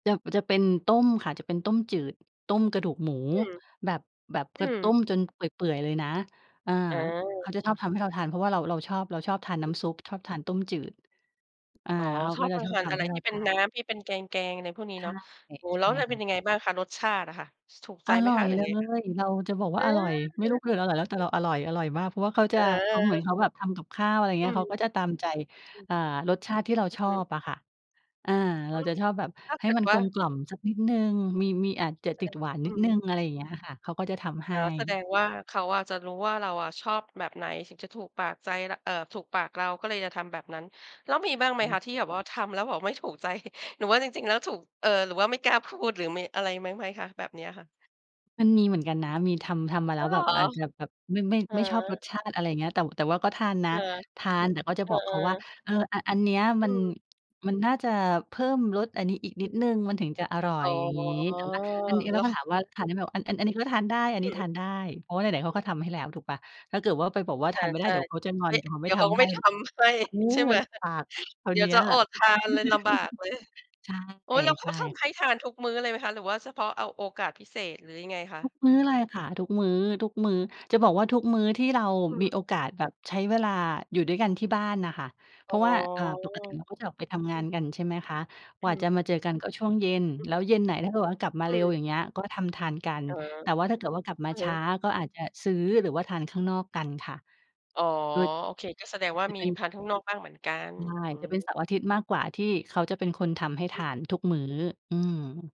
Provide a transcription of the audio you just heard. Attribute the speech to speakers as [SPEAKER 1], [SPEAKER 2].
[SPEAKER 1] จะ จะเป็นต้มค่ะ จะเป็นต้มจืด ต้มกระดูกหมู
[SPEAKER 2] อืม
[SPEAKER 1] แบบ แบบ
[SPEAKER 2] อ
[SPEAKER 1] ก
[SPEAKER 2] ืม
[SPEAKER 1] ต้มจนเปื่อย ๆ เลยนะ อา
[SPEAKER 2] อ
[SPEAKER 1] เข
[SPEAKER 2] า
[SPEAKER 1] าจะชอบทำให้เราทาน เพราะว่าเรา เราชอบ เราชอบทานน
[SPEAKER 2] อ
[SPEAKER 1] ้
[SPEAKER 2] ือฮ
[SPEAKER 1] ำซุ
[SPEAKER 2] ึ
[SPEAKER 1] ป ชอบทานต้มจืด อา
[SPEAKER 2] อ๋อ
[SPEAKER 1] เขา
[SPEAKER 2] ช
[SPEAKER 1] ก
[SPEAKER 2] อ
[SPEAKER 1] ็
[SPEAKER 2] บ
[SPEAKER 1] จะ
[SPEAKER 2] ประ
[SPEAKER 1] ชอ
[SPEAKER 2] ท
[SPEAKER 1] บ
[SPEAKER 2] าน
[SPEAKER 1] ท
[SPEAKER 2] อะ
[SPEAKER 1] ำ
[SPEAKER 2] ไ
[SPEAKER 1] ใ
[SPEAKER 2] ร
[SPEAKER 1] ห้เร
[SPEAKER 2] ที
[SPEAKER 1] า
[SPEAKER 2] ่เป
[SPEAKER 1] ท
[SPEAKER 2] ็น
[SPEAKER 1] า
[SPEAKER 2] น
[SPEAKER 1] น
[SPEAKER 2] ้ำ ที่เป็นแกง ๆ อะไรพวกนี้
[SPEAKER 1] ใช
[SPEAKER 2] เน
[SPEAKER 1] ่
[SPEAKER 2] าะ โอ้โฮ
[SPEAKER 1] ใช
[SPEAKER 2] แล้
[SPEAKER 1] ่
[SPEAKER 2] ว ป เ
[SPEAKER 1] ค
[SPEAKER 2] ป็
[SPEAKER 1] ่
[SPEAKER 2] น
[SPEAKER 1] ะ
[SPEAKER 2] ยังไงบ้างคะ? รสชาติอะค่ะ ถูกใ
[SPEAKER 1] อ
[SPEAKER 2] จไหม
[SPEAKER 1] ร่อ
[SPEAKER 2] คะ?
[SPEAKER 1] ย
[SPEAKER 2] หรือ
[SPEAKER 1] เล
[SPEAKER 2] ยังไงคะ?
[SPEAKER 1] ย เราจะบอก
[SPEAKER 2] เ
[SPEAKER 1] ว
[SPEAKER 2] อ
[SPEAKER 1] ่าอร่อย
[SPEAKER 2] อ
[SPEAKER 1] ไม่รู้คืออร่อยแล้ว แต่เราอร่อย อร่อยมาก เพราะว่าเขาจะ เหมือน
[SPEAKER 2] เออ
[SPEAKER 1] เขาแบบทำกับข้าว อะไรอย่างเ
[SPEAKER 2] อื
[SPEAKER 1] งี้ย เขา
[SPEAKER 2] ม
[SPEAKER 1] ก็จะตามใจ
[SPEAKER 2] อืม
[SPEAKER 1] อา รสชาติที่เรา
[SPEAKER 2] อื
[SPEAKER 1] ช
[SPEAKER 2] อ
[SPEAKER 1] อ
[SPEAKER 2] ฮึ
[SPEAKER 1] บอะค่ะ อา
[SPEAKER 2] อ
[SPEAKER 1] เร
[SPEAKER 2] ื
[SPEAKER 1] า
[SPEAKER 2] ม
[SPEAKER 1] จะชอบแบบ
[SPEAKER 2] ถ้า
[SPEAKER 1] ให
[SPEAKER 2] เ
[SPEAKER 1] ้
[SPEAKER 2] กิด
[SPEAKER 1] มัน
[SPEAKER 2] ว
[SPEAKER 1] ก
[SPEAKER 2] ่า
[SPEAKER 1] ลมกล่อมสักนิดหนึ่ง มี มีอาจจะ
[SPEAKER 2] ใช
[SPEAKER 1] ต
[SPEAKER 2] ่
[SPEAKER 1] ิดหวาน
[SPEAKER 2] อื
[SPEAKER 1] นิด
[SPEAKER 2] ม
[SPEAKER 1] หนึ่ง อะไรอย่างเงี้ยอะค่ะ เขาก็จะทำให
[SPEAKER 2] อ๋อ แสด
[SPEAKER 1] ้
[SPEAKER 2] งว่าเขาอะจะรู้ว่าเราอะชอบแบบไหน ถึงจะถูกปากใจ ล เอ่อ ถูกปากเรา ก็เลยจะทำแบบนั้น แล้ว
[SPEAKER 1] ใ
[SPEAKER 2] ม
[SPEAKER 1] ช
[SPEAKER 2] ี
[SPEAKER 1] ่
[SPEAKER 2] บ้างไห
[SPEAKER 1] อ
[SPEAKER 2] ม
[SPEAKER 1] ันนี
[SPEAKER 2] ค
[SPEAKER 1] ้
[SPEAKER 2] ะที่แบบว่าทำแล้วแบบไม่ ถูกใจ หรือว่าจริง ๆ แล้วถูก เออ หรือว่าไม่กล้าพูด หรือมีอะไรบ้างไหมคะ? แบบเนี้ยค่ะ
[SPEAKER 1] มันมีเหมือนกันนะ มีทำ ทำมาแ
[SPEAKER 2] อ
[SPEAKER 1] ล้
[SPEAKER 2] ๋อ
[SPEAKER 1] ว
[SPEAKER 2] เหร
[SPEAKER 1] แบ
[SPEAKER 2] อ?
[SPEAKER 1] บอาจจะแบบไม่
[SPEAKER 2] อ
[SPEAKER 1] ไม่ชอบรส
[SPEAKER 2] า
[SPEAKER 1] ชาติ อะไรอย่างเงี้ย แต่ แต่ว่าก็ทานน
[SPEAKER 2] เ
[SPEAKER 1] ะ
[SPEAKER 2] ออ
[SPEAKER 1] ทาน แต่ก็จะ
[SPEAKER 2] เออ
[SPEAKER 1] บอกเขาว่า
[SPEAKER 2] ๆ
[SPEAKER 1] "เออ อ อันเนี้ย
[SPEAKER 2] อ
[SPEAKER 1] มัน
[SPEAKER 2] ืม
[SPEAKER 1] มันน่าจะเพิ่มรสอันนี้อีก
[SPEAKER 2] อ
[SPEAKER 1] น
[SPEAKER 2] ื
[SPEAKER 1] ิด
[SPEAKER 2] ม
[SPEAKER 1] หนึ่ง มันถึงจะอร่อ
[SPEAKER 2] อ๋
[SPEAKER 1] ย"
[SPEAKER 2] อ
[SPEAKER 1] อย่างงี้ แต่ว่าอันนี้ แ
[SPEAKER 2] แ
[SPEAKER 1] ล
[SPEAKER 2] ล
[SPEAKER 1] ้
[SPEAKER 2] ้
[SPEAKER 1] ว
[SPEAKER 2] ว
[SPEAKER 1] ก็
[SPEAKER 2] ข
[SPEAKER 1] ถามว
[SPEAKER 2] อ
[SPEAKER 1] ่า "ทาน
[SPEAKER 2] ื
[SPEAKER 1] ได้ไหม?"
[SPEAKER 2] ม
[SPEAKER 1] บอก "อัน อัน อันนี้ก็ทานได้ อัน
[SPEAKER 2] อ
[SPEAKER 1] นี
[SPEAKER 2] ื
[SPEAKER 1] ้ท
[SPEAKER 2] ม
[SPEAKER 1] านได้" เพราะว่าไหน ๆ เข
[SPEAKER 2] อื
[SPEAKER 1] าก็
[SPEAKER 2] ม
[SPEAKER 1] ทำให้แล้วถูกเปล่า ถ้าเกิดว่าไปบอกว่า
[SPEAKER 2] อ
[SPEAKER 1] ท
[SPEAKER 2] า
[SPEAKER 1] านไม่ไ
[SPEAKER 2] ใ
[SPEAKER 1] ด
[SPEAKER 2] ช
[SPEAKER 1] ้
[SPEAKER 2] ่
[SPEAKER 1] เดี๋ยวเขาจะงอ
[SPEAKER 2] ไม
[SPEAKER 1] น
[SPEAKER 2] ่
[SPEAKER 1] เดี๋ยวเขา
[SPEAKER 2] เ
[SPEAKER 1] ไ
[SPEAKER 2] ด
[SPEAKER 1] ม
[SPEAKER 2] ี
[SPEAKER 1] ่
[SPEAKER 2] ๋ยวเ
[SPEAKER 1] ท
[SPEAKER 2] ขาก็
[SPEAKER 1] ำใ
[SPEAKER 2] ไ
[SPEAKER 1] ห
[SPEAKER 2] ม่
[SPEAKER 1] ้
[SPEAKER 2] ทำให้
[SPEAKER 1] เออ
[SPEAKER 2] ใช่ไหม
[SPEAKER 1] บากเลยครา
[SPEAKER 2] เ
[SPEAKER 1] ว
[SPEAKER 2] ดี๋
[SPEAKER 1] เ
[SPEAKER 2] ย
[SPEAKER 1] น
[SPEAKER 2] ว
[SPEAKER 1] ี้
[SPEAKER 2] จะ
[SPEAKER 1] ย
[SPEAKER 2] อดทานเลย ลำบากเลย
[SPEAKER 1] ใช่
[SPEAKER 2] โอ๊ย แล้วเ
[SPEAKER 1] ใ
[SPEAKER 2] ข
[SPEAKER 1] ช
[SPEAKER 2] า
[SPEAKER 1] ่
[SPEAKER 2] ท
[SPEAKER 1] ค่
[SPEAKER 2] ำ
[SPEAKER 1] ะ
[SPEAKER 2] ให้ทานทุกมื้อเลยไหมคะ? หรือว่าเฉพาะเอาโอกาสพิเศษ หรือยังไงคะ?
[SPEAKER 1] ทุกมื้อเลยค่ะ ทุกมื้อ ทุกมื้อ จะบอกว่าทุกมื้อที่เรา
[SPEAKER 2] อื
[SPEAKER 1] มี
[SPEAKER 2] ม
[SPEAKER 1] โอกาสแบบใช้เวลาอยู่ด้วยกันที่บ้านน่ะค่ะ เพ
[SPEAKER 2] อ๋
[SPEAKER 1] ร
[SPEAKER 2] อ
[SPEAKER 1] าะว่า อ่า ปกติเราก็จะออกไปทำง
[SPEAKER 2] อื
[SPEAKER 1] าน
[SPEAKER 2] ม
[SPEAKER 1] กัน ใช่ไหมคะ ก
[SPEAKER 2] อ
[SPEAKER 1] ว
[SPEAKER 2] ื
[SPEAKER 1] ่าจะม
[SPEAKER 2] ม
[SPEAKER 1] าเจอกันก็ช่วงเย็น
[SPEAKER 2] อือ
[SPEAKER 1] แล
[SPEAKER 2] ฮ
[SPEAKER 1] ้
[SPEAKER 2] ึ
[SPEAKER 1] วเย็นไหนถ้าเกิดว่ากลับมา
[SPEAKER 2] อ
[SPEAKER 1] เ
[SPEAKER 2] ื
[SPEAKER 1] ร็ว
[SPEAKER 2] ม
[SPEAKER 1] อย่างเงี้ย ก็ทำทานกัน
[SPEAKER 2] อ๋อ
[SPEAKER 1] แต่ว่าถ้าเกิดว่ากลับม
[SPEAKER 2] อ
[SPEAKER 1] า
[SPEAKER 2] ือ
[SPEAKER 1] ช
[SPEAKER 2] ฮึ
[SPEAKER 1] ้าก็อาจจะซื้อ หรือว่าทานข้างนอกกันค่ะ
[SPEAKER 2] อ๋อ
[SPEAKER 1] โดย
[SPEAKER 2] โอเค ก็แสดงว่า
[SPEAKER 1] จะ
[SPEAKER 2] มี
[SPEAKER 1] เป็น
[SPEAKER 2] ทานข้างนอกบ้างเหมือนกัน
[SPEAKER 1] ใช่
[SPEAKER 2] อื
[SPEAKER 1] จะเป็น
[SPEAKER 2] ม
[SPEAKER 1] เสาร์อาทิตย์มากกว่าที่เขาจะเป็นคนทำให้ท
[SPEAKER 2] อืม
[SPEAKER 1] านทุกมื้อ อืม